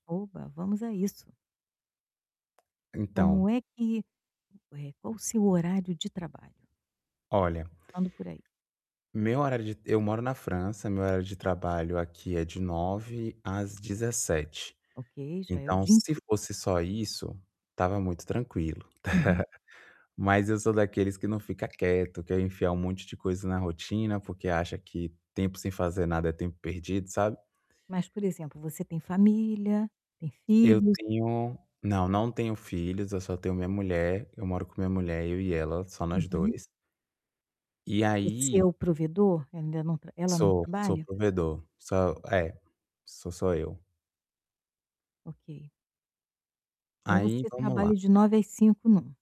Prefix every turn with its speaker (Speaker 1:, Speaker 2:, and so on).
Speaker 1: Opa, vamos a isso.
Speaker 2: Então
Speaker 1: Como é que eh, qual o seu horário de trabalho?
Speaker 2: Olha,
Speaker 1: Vamos por aí.
Speaker 2: meu horário de eu moro na França, meu horário de trabalho aqui é de 9h às 17h.
Speaker 1: Ok, já é o
Speaker 2: Então
Speaker 1: dia
Speaker 2: se
Speaker 1: inteiro.
Speaker 2: fosse só isso, estava muito tranquilo.
Speaker 1: Uhum.
Speaker 2: Mas eu sou daqueles que não fica quieto, quero enfiar um monte de coisa na rotina porque acha que tempo sem fazer nada é tempo perdido, sabe?
Speaker 1: Mas por exemplo, você tem família, tem
Speaker 2: Eu
Speaker 1: filhos?
Speaker 2: tenho não, não tenho filhos, eu só tenho minha mulher, eu moro com minha mulher. Eu e ela, só nós
Speaker 1: Uhum.
Speaker 2: 2. E
Speaker 1: Você é
Speaker 2: aí
Speaker 1: o provedor? Ainda não ela não
Speaker 2: Sou, sou o
Speaker 1: trabalha?
Speaker 2: provedor, sou,
Speaker 1: Ok.
Speaker 2: é, sou só eu.
Speaker 1: Ok. Então
Speaker 2: Aí
Speaker 1: você
Speaker 2: vamos lá.
Speaker 1: trabalha de 9h às 17h, não?